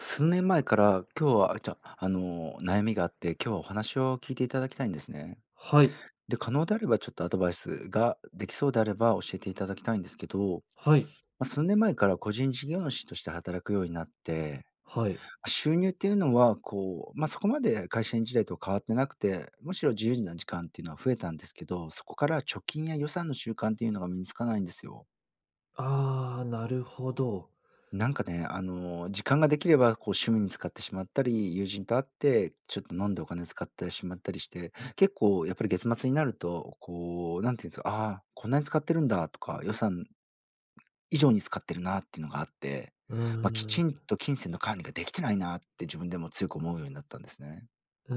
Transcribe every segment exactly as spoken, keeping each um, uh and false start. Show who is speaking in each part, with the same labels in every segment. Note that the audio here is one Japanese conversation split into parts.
Speaker 1: 数年前から今日は、じゃ、あの、悩みがあって、今日はお話を聞いていただきたいんですね。
Speaker 2: はい。
Speaker 1: で、可能であれば、ちょっとアドバイスができそうであれば、教えていただきたいんですけど、
Speaker 2: はい。
Speaker 1: ま、数年前から個人事業主として働くようになって、
Speaker 2: はい。
Speaker 1: あ、収入っていうのはこう、ま、そこまで会社員時代と変わってなくて、むしろ自由な時間っていうのは増えたんですけど、そこから貯金や予算の習慣っていうのが身につかないんですよ。
Speaker 2: ああ、なるほど。
Speaker 1: なんかね、あの、時間ができれば、こう趣味に使ってしまったり、友人と会ってちょっと飲んでお金を使ってしまったりして、結構やっぱり月末になると、こう何て言うんすか「あ、こんなに使ってるんだ」とか予算、以上に使ってるなっていうのがあって、
Speaker 2: う
Speaker 1: ま、き
Speaker 2: ーん。
Speaker 1: ちんと金銭の管理ができてないなって、自分でも強く思うようになったんですね。
Speaker 2: う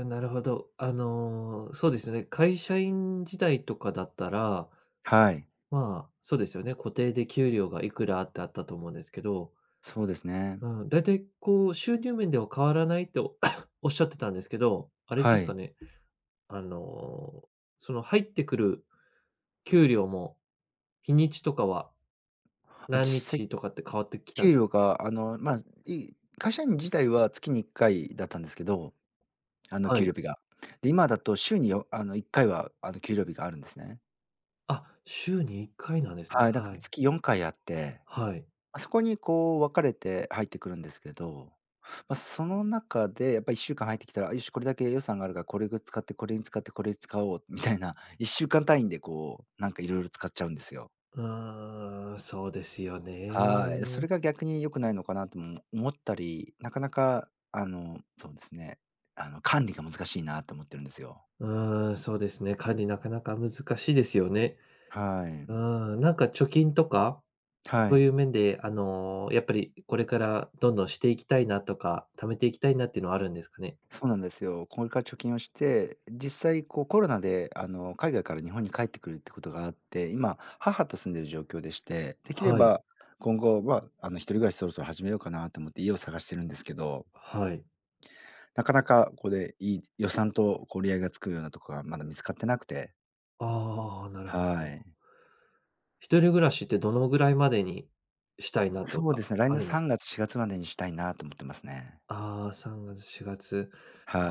Speaker 2: ーん、なるほど、あの、そうですね、会社員時代とかだったら、
Speaker 1: はい。
Speaker 2: まあ、そうですよね、固定で給料がいくらってあったと思うんですけど
Speaker 1: そうですね。
Speaker 2: うん、だいたいこう収入面では変わらないと おっしゃってたんですけど、あれで
Speaker 1: は
Speaker 2: すか
Speaker 1: い。
Speaker 2: ね、あの、その入ってくる、給料も、日にちとかは
Speaker 1: あ、実
Speaker 2: 何
Speaker 1: 際、
Speaker 2: 日とかって変わってきたん
Speaker 1: 給
Speaker 2: す
Speaker 1: 料
Speaker 2: か？
Speaker 1: が、あの、ま、いい会社員自体は月にいっかいだったんですけど、あの、
Speaker 2: は
Speaker 1: 給
Speaker 2: い。
Speaker 1: 料日が。で、今だと週に、よあの、いっかいは、あの、給料日があるんですね。
Speaker 2: あ、週にいっかいなんですね。
Speaker 1: はい、だか
Speaker 2: は
Speaker 1: ら
Speaker 2: い。
Speaker 1: 月よんかいあって、
Speaker 2: はい。
Speaker 1: あ、そこにこう分かれて入ってくるんですけど、ま、その中でやっぱりいっしゅうかん入ってきたら、よしこれだけ予算があるからこれぐ使ってこれに使ってこれ使おうみたいな、いっしゅうかん単位でこうなんか色々使っちゃうんですよ。
Speaker 2: ああ、そうですよ
Speaker 1: はい、そ
Speaker 2: ね。
Speaker 1: れが逆に良くないのかなとも、おも思ったり、なかなかあのそうですね、あの管理が難しいなと思ってるんですよ。
Speaker 2: うーん、そうですね。管理なかなか難しいですよね。
Speaker 1: はい、
Speaker 2: うー
Speaker 1: ん。
Speaker 2: ん、なんか貯金とか、
Speaker 1: は
Speaker 2: そう
Speaker 1: い。
Speaker 2: いう面であの、やっぱりこれからどんどんしていきたいなとか、貯めていきたいなっていうのはあるんですかね。
Speaker 1: そうなんですよ。これから貯金をして、実際こうコロナであの海外から日本に帰ってくるってことがあって、今母と住んでいる状況でして、できれ
Speaker 2: はい。
Speaker 1: ば今後はあの一人暮らしそろそろ始めようかなと思って家を探してるんですけど。
Speaker 2: はい。
Speaker 1: なかなかこれ、いい予算とこう折り合いがつくようなところがまだ見つかってなくて。
Speaker 2: ああ。なるほ
Speaker 1: は
Speaker 2: ど。
Speaker 1: い。
Speaker 2: 一人暮らしってどのぐらいまでにしたいなと
Speaker 1: そう
Speaker 2: か
Speaker 1: ですね、来
Speaker 2: あ
Speaker 1: 年
Speaker 2: るんで
Speaker 1: さ
Speaker 2: す
Speaker 1: んがつしがつまでにしたいなと思ってますね。
Speaker 2: あ、さんがつしがつ。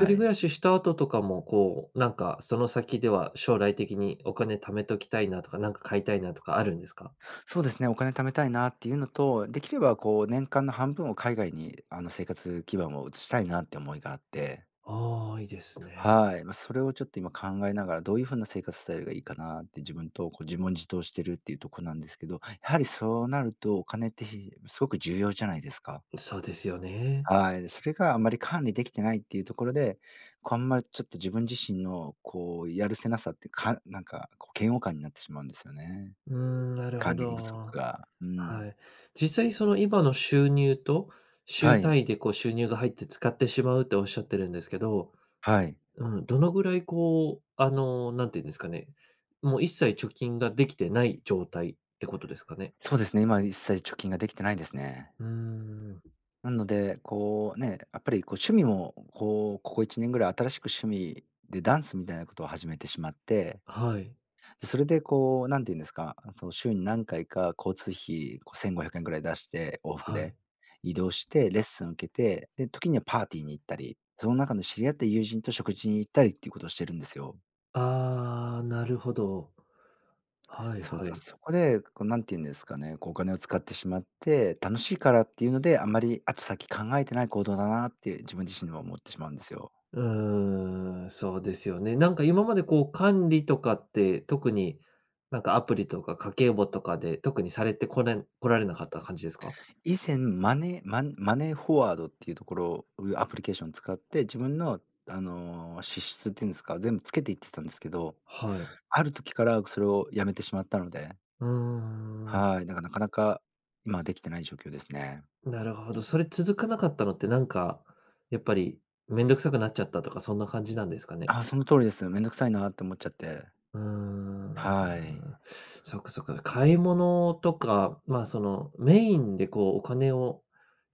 Speaker 2: 一人暮
Speaker 1: い。
Speaker 2: らしした後とかも、こう、なんかその先では将来的にお金貯めときたいなとか、なんか買いたいなとかあるんですか？
Speaker 1: そうですね、お金貯めたいなっていうのと、できればこう年間の半分を海外にあの生活基盤を移したいなって思いがあって。
Speaker 2: あ、いいですね。
Speaker 1: はい、ま、それをちょっと今考えながらどういう風な生活スタイルがいいかなって自分とこう自問自答してるっていうとこなんですけど、やはりそうなるとお金って、ひすごく重要じゃないですか。
Speaker 2: そうですよね。
Speaker 1: はい、それがあんまり管理できてないっていうところで、こうあんまりちょっと自分自身のこうやるせなさって、かなんか嫌悪感になってしまうんですよね。
Speaker 2: うーん、なるほ
Speaker 1: 管理不足
Speaker 2: ど。
Speaker 1: が、うん。
Speaker 2: はい。実際にその今の収入と
Speaker 1: は
Speaker 2: 週
Speaker 1: い。
Speaker 2: 単位でこう収入が入って使ってしまうっておっしゃってるんですけど、
Speaker 1: はい。
Speaker 2: うん、どのぐらいこうあの何て言うんですかね、もう一切貯金ができてない状態ってことですかね。
Speaker 1: そうですね、今一切貯金ができてないですね。
Speaker 2: うーん。
Speaker 1: なので、こうね、やっぱりこう趣味もこう、ここいちねんぐらい新しく趣味でダンスみたいなことを始めてしまって、
Speaker 2: はい。
Speaker 1: それでこう何て言うんですか、その週に何回か交通費、こうせんごひゃくえんぐらい出して、往復
Speaker 2: は
Speaker 1: で。
Speaker 2: い。
Speaker 1: 移動して、レッスンを受けて、で、時にはパーティーに行ったり、その中の知り合った友人と食事に行ったりっていうことをしてるんですよ。
Speaker 2: ああ、なるほど。はい
Speaker 1: そう
Speaker 2: は
Speaker 1: だ、
Speaker 2: い。
Speaker 1: そこで、こう何て言うんですかね、こうお金を使ってしまって、楽しいからっていうので、あんまり後先考えてない行動だなって自分自身でも思ってしまうんですよ。
Speaker 2: うーん、そうですよね。なんか今までこう管理とかって特に、なんかアプリとか家計簿とかで特にされてこれこられなかった感じですか？
Speaker 1: 以前マネーマンマネーフォワードっていうところを、うアプリケーション使って、自分の、あの、支出っていうんですか、全部つけていってたんですけど、
Speaker 2: はい。
Speaker 1: ある時からそれをやめてしまったので。
Speaker 2: うーん。
Speaker 1: はい、だかなかなか、今できてない状況ですね。
Speaker 2: なるほど。それ続かなかったのって、なんか、やっぱり、面倒くさくなっちゃったとかそんな感じなんですかね？
Speaker 1: あ、その通りです。面倒くさいなって思っちゃって。
Speaker 2: うーん、うーん。
Speaker 1: はい。
Speaker 2: そっか、そっか、買い物とか、ま、その、メインでこうお金を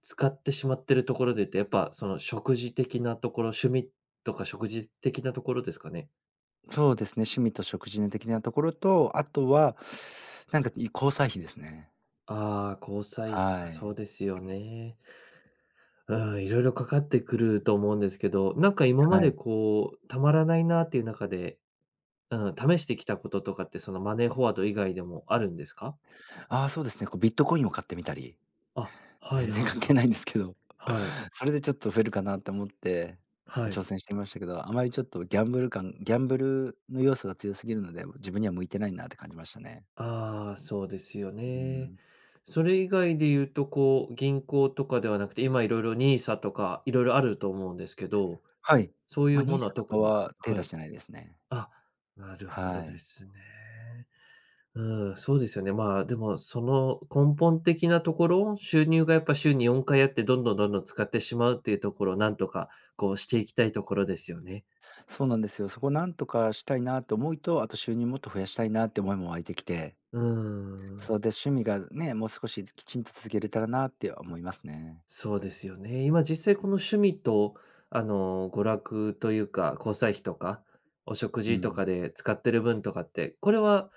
Speaker 2: 使ってしまってるところでって、やっぱ、その、食事的なところ、趣味とか食事的なところですかね？
Speaker 1: そうですね、趣味と食事ぬ的なところと、あとは、なんかい交際費ですね。
Speaker 2: ああ、交際費
Speaker 1: は
Speaker 2: か、そ
Speaker 1: い。
Speaker 2: うですよね。うーん、色々かかってくると思うんですけど、なんか今ま
Speaker 1: は
Speaker 2: で
Speaker 1: い。
Speaker 2: こう、貯まらないなっていう中で、うん、試してきたこととかってそのマネーフォワード以外でもあるんですか？
Speaker 1: ああ、そうですね。こうビットコインを買ってみたり。
Speaker 2: あ、はい
Speaker 1: 全然
Speaker 2: はい
Speaker 1: 関係ないんですけど。
Speaker 2: はい。はい。
Speaker 1: それでちょっと増えるかなと思って
Speaker 2: は
Speaker 1: 挑
Speaker 2: い。
Speaker 1: 戦してましたけど、あまりちょっとギャングル感ギャンブルの要素が強すぎるので、自分には向いてないなって感じましたね。
Speaker 2: ああ、そうですよ
Speaker 1: うー
Speaker 2: ね。
Speaker 1: ん。
Speaker 2: それ以外で言うとこう、銀行とかではなくて、今、色々 NISA とか色々あると思うんですけど、
Speaker 1: はい。
Speaker 2: そうい
Speaker 1: ま、
Speaker 2: うものは
Speaker 1: NISA と
Speaker 2: 特
Speaker 1: か
Speaker 2: に
Speaker 1: は手
Speaker 2: は
Speaker 1: 出し
Speaker 2: い。
Speaker 1: てないですね。
Speaker 2: あ、なるほど
Speaker 1: は
Speaker 2: で
Speaker 1: い。
Speaker 2: すね。うーん、そうですよね。ま、でも、その根本的なところを、収入がやっぱ週によんかいあって、どんどんどんどん使ってしまうっていうところをなんとか、こう、していきたいところですよね。
Speaker 1: そうなんですよ。そこ何とかしたいなと思いと、あと収入もっと増やしたいなって思いも湧いてきて
Speaker 2: うーん。
Speaker 1: そう、で、趣味が、ね、もう少しきちんと続けれたらなって思いますね。
Speaker 2: そうですよね。今実際この趣味と、あの、娯楽というか、交際費とか、お食
Speaker 1: う
Speaker 2: 事と
Speaker 1: ん。
Speaker 2: かで使ってる分とかって、これは、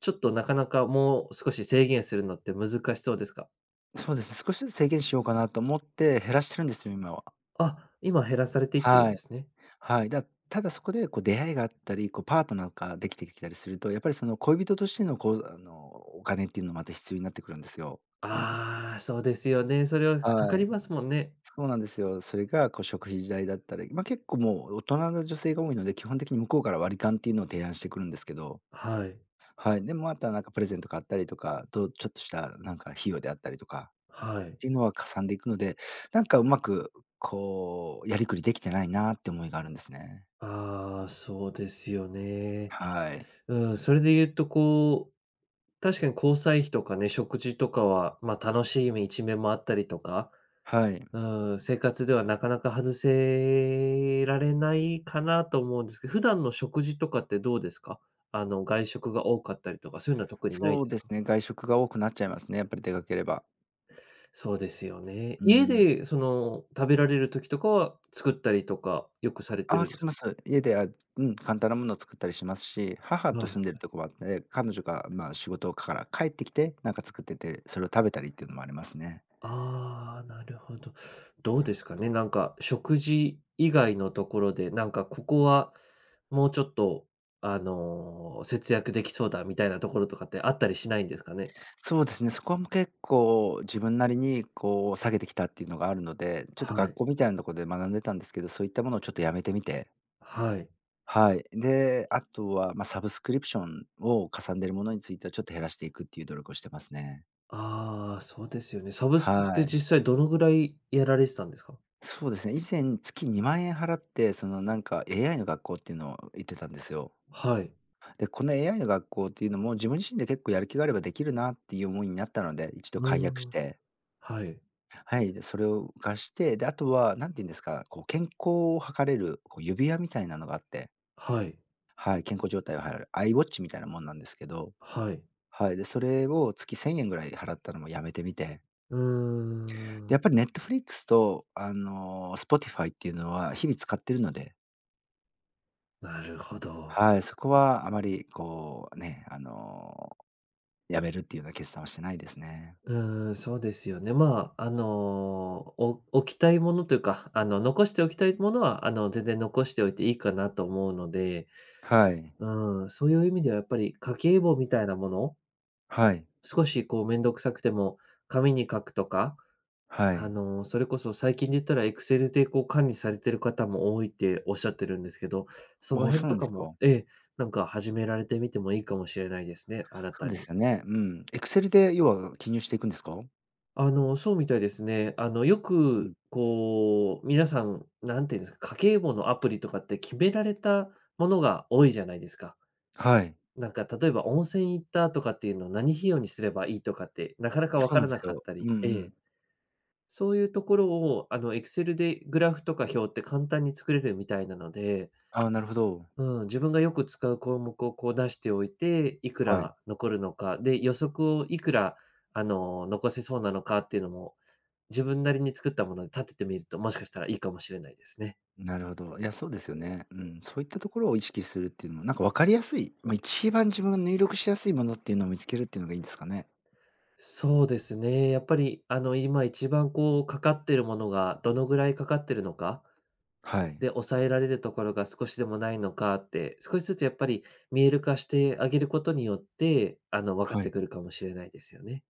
Speaker 2: ちょっとなかなかもう少し制限するのって難しそうですか？
Speaker 1: そうですね、少しずつ制限しようかなと思って減らしてるんですよ、今は。
Speaker 2: あ、今減らされていってるん
Speaker 1: は
Speaker 2: で
Speaker 1: い。
Speaker 2: すね。
Speaker 1: はい。だただそこでこう出会いがあったり、こうパートナーができてきたりすると、やっぱりその恋人としてのこう、あのお金っていうのまた必要になってくるんですよ。
Speaker 2: ああ、そうですよね。それはかか
Speaker 1: は
Speaker 2: り
Speaker 1: い。
Speaker 2: ますもんね。
Speaker 1: そうなんですよ。それがこう食費事代だったり、ま、結構もう大人の女性が多いので、基本的に向こうから割り勘っていうのを提案してくるんですけど。
Speaker 2: はい。
Speaker 1: はい。でもあとはなんかプレゼント買ったりとか、と、ちょっとしたなんか費用であったりとか
Speaker 2: はい。
Speaker 1: っていうのは、かさんでいくので、なんかうまくこうやりくりできてないなって思いがあるんですね。
Speaker 2: ああ、そうですよね。
Speaker 1: はい。
Speaker 2: うん、それで言うとこう、確かに交際費とかね、食事とかは、まあ、楽しい一面もあったりとか、
Speaker 1: はい。
Speaker 2: ああ、生活ではなかなか外せられないかなと思うんですけど、普段の食事とかってどうですか？あの外食が多かったりとか、そういうのは特にない
Speaker 1: そ
Speaker 2: で
Speaker 1: う
Speaker 2: す
Speaker 1: です
Speaker 2: か？
Speaker 1: ね、外食が多くなっちゃいますね、やっぱり出かければ。
Speaker 2: そうですよね。
Speaker 1: う
Speaker 2: 家
Speaker 1: ん。
Speaker 2: でその食べられる時とかは作ったりとかよくされて
Speaker 1: ああ、
Speaker 2: るんで
Speaker 1: し
Speaker 2: すか？
Speaker 1: ます。家では、うん、簡単なものを作ったりしますし、母
Speaker 2: は
Speaker 1: と
Speaker 2: いは
Speaker 1: 住んでる
Speaker 2: い。
Speaker 1: ところはあって、彼女がま仕事から帰ってきて、なんか作ってて、それを食べたりっていうのもありますね。
Speaker 2: ああ、なるほど。どうですかね、なんか、食事以外のところで、なんかここは、もうちょっと、あの、節約できそうだみたいなところとかってあったりしないんですかね？
Speaker 1: そうですね、そこも結構自分なりにこう下げてきたっていうのがあるので、ちょっと
Speaker 2: は
Speaker 1: 学
Speaker 2: い。
Speaker 1: 校みたいなとこで学んでたんですけど、そういったものをちょっとやめてみて。
Speaker 2: はい。
Speaker 1: はい、であとは、ま、サブスクリプションをかさんでるものについてはちょっと減らしていくっていう努力をしてますね。
Speaker 2: ああ、そうですよね。サブスクっ
Speaker 1: は
Speaker 2: て
Speaker 1: い。
Speaker 2: 実際どのぐらい、やられてたんですか？
Speaker 1: そうですね、以前月にまんえん払ってそのなんか AI の学校っていうのを行ってたんですよ。
Speaker 2: はい。
Speaker 1: で、この AI の学校っていうのも自分自身で結構やる気があればできるなっていう思いになったので、いちど
Speaker 2: う
Speaker 1: 解約
Speaker 2: ー
Speaker 1: し
Speaker 2: ん、
Speaker 1: て。
Speaker 2: はい。
Speaker 1: はい、でそれを浮かして、であとは何て言うんですか、こう健康を測れるこう指輪みたいなのがあって。
Speaker 2: はい。
Speaker 1: はい、健康状態をはいる、アイウォッチみたいなもんなんですけど、
Speaker 2: はい。
Speaker 1: はい、で、それを月せんえんぐらい払ったのもやめてみて。
Speaker 2: うー
Speaker 1: で、
Speaker 2: ん。
Speaker 1: やっぱりネットフリックスとあのスポティファイっていうのは日々使ってるので。
Speaker 2: なるほど。
Speaker 1: はい、そこはあまりこうね、あの、辞めるっていうような決断はしてないですね。
Speaker 2: うーん、そうですよね。ま、あの、お、置きたいものというか、あの、残しておきたいものはあの、全然残しておいていいかなと思うので、
Speaker 1: はい。
Speaker 2: うん、そういう意味ではやっぱり、家計簿みたいなもの
Speaker 1: はい。
Speaker 2: 少しこうめんどくさくても、紙に書くとか、
Speaker 1: は
Speaker 2: あ
Speaker 1: い。
Speaker 2: の、それこそ最近で言ったらエクセルでこう管理されている方も多いっておっしゃってるんですけど、そ
Speaker 1: お
Speaker 2: の
Speaker 1: お
Speaker 2: 辺
Speaker 1: そう
Speaker 2: と
Speaker 1: なんで
Speaker 2: か
Speaker 1: す
Speaker 2: も、
Speaker 1: か？
Speaker 2: ええ、なんか始められてみてもいいかもしれないですね、新
Speaker 1: そう
Speaker 2: た
Speaker 1: で
Speaker 2: に。
Speaker 1: すよね。うん。エクセルで要は記入していくんですか？
Speaker 2: あの、そうみたいですね。あの、よ
Speaker 1: う
Speaker 2: く
Speaker 1: ん。
Speaker 2: こう、皆さん、何て言うんですか、家計簿のアプリとかって決められたものが多いじゃないですか。
Speaker 1: はい。
Speaker 2: なんか、例えば、温泉行ったとかっていうの何費用にすればいいとかって、なかなか分
Speaker 1: そう
Speaker 2: か
Speaker 1: なん
Speaker 2: らな
Speaker 1: す
Speaker 2: かっ
Speaker 1: よ、
Speaker 2: た
Speaker 1: うん
Speaker 2: りえ
Speaker 1: う
Speaker 2: え。
Speaker 1: ん。
Speaker 2: そういうところを、あの、エクセルでグラフとか表って簡単に作れてるみたいなので
Speaker 1: ああ、なるほど。
Speaker 2: うん、自分がよく使う項目をこう出しておいて、いく
Speaker 1: はい。
Speaker 2: ら残るのか、で、予測をいくらあの、残せそうなのかっていうのも、自分なりに作ったもので立ててみると、もしかしたらいいかもしれないですね。
Speaker 1: なるほど。いや、そうですよね。うん、そういったところを意識するっていうのも、なんかわかりやすい、ま、一番自分が入力しやすいものっていうのを見つけるっていうのがいいんですかね。
Speaker 2: そうですね。やっぱりあの、今一番こうかかってるものが、どのぐらいかかってるのか、
Speaker 1: はい。
Speaker 2: で、抑えられるところが少しでもないのかって、少しずつやっぱり見える化してあげることによって、あの、分かっ
Speaker 1: は
Speaker 2: て
Speaker 1: い。
Speaker 2: くるかもしれないですよね。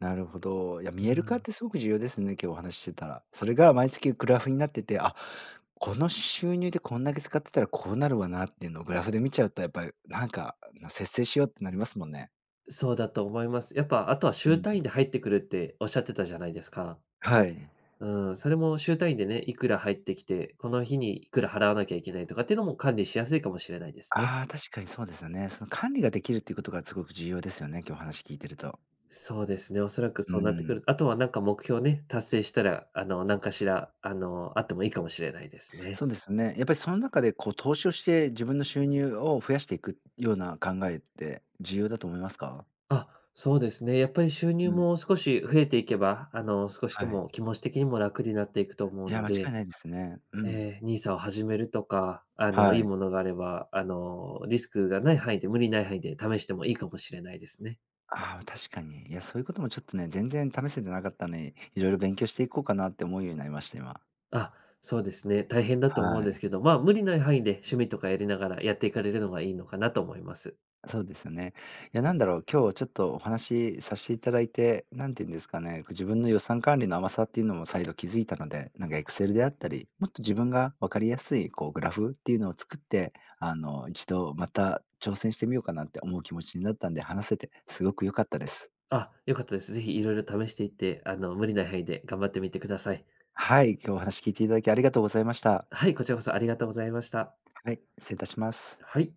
Speaker 1: なるほど、いや、
Speaker 2: う
Speaker 1: 見える化っ
Speaker 2: ん。
Speaker 1: てすごく重要ですね、今日お話ししてたら。それが毎月グラフになってて「あ、この収入でこんだけ使ってたら、こうなるわな」っていうのをグラフで見ちゃうと、やっぱりなんか、節制しようってなりますもんね。
Speaker 2: そうだと思います。やっぱあとは
Speaker 1: う
Speaker 2: 週
Speaker 1: ん。
Speaker 2: 単位で入ってくるっておっしゃってたじゃないですか。
Speaker 1: はい。
Speaker 2: うーん、それも週単位でね、いくら入ってきて、この日にいくら払わなきゃいけないとかっていうのも管理しやすいかもしれないですね。
Speaker 1: ああ、確かにそうですよね。その、管理ができるっていうことがすごく重要ですよね、今日お話聞いてると。
Speaker 2: そうですね、おそらく
Speaker 1: うー
Speaker 2: そうなってく
Speaker 1: ん。
Speaker 2: る。あとはなんか目標ね、達成したらあの、なんかしらあの、あってもいいかもしれないですね。
Speaker 1: そうですよね。やっぱりその中でこう、投資をして自分の収入を増やしていくような考えって重要だと思いますか？
Speaker 2: あ、そうですね。やっぱり収入
Speaker 1: うん。
Speaker 2: も少し増えていけば、あの、少しで
Speaker 1: はい。
Speaker 2: も気持ち的にも楽になっていくと思う
Speaker 1: いや、
Speaker 2: の
Speaker 1: 間違い
Speaker 2: で
Speaker 1: ないですね。うん。
Speaker 2: ええ、ニーサを始めるとか、あの、いい
Speaker 1: はい。
Speaker 2: ものがあれば、あの、リスクがない範囲で無理ない範囲で試してもいいかもしれないですね。
Speaker 1: ああ、確かに。いや、そういうこともちょっとね、全然試せてなかったんに、色々勉強していこうかなって思うようになりました、今。
Speaker 2: あ、そうですね、大変だと思うん
Speaker 1: は
Speaker 2: で
Speaker 1: い。
Speaker 2: すけど、ま、無理ない範囲で趣味とかやりながら、やっていかれるのがいいのかなと思います。
Speaker 1: そうですよね。いやなんだろう、今日ちょっとお話さしていただいて、何て言うんですかね、この自分の予算管理の甘さっていうのも再度気づいたので、なんか、エクセルであったり、もっと自分が分かりやすいこう、グラフっていうのを作って、あの、一度また挑戦してみようかなって思う気持ちになったんで、話せてすごく良かったです。
Speaker 2: あ、良かったです。是非色々試していって、あの、無理ない範囲で頑張ってみてください。
Speaker 1: はい、今日お話聞いていただきありがとうございました。
Speaker 2: はい、こちらこそありがとうございました。
Speaker 1: はい、失礼いたします。
Speaker 2: はい。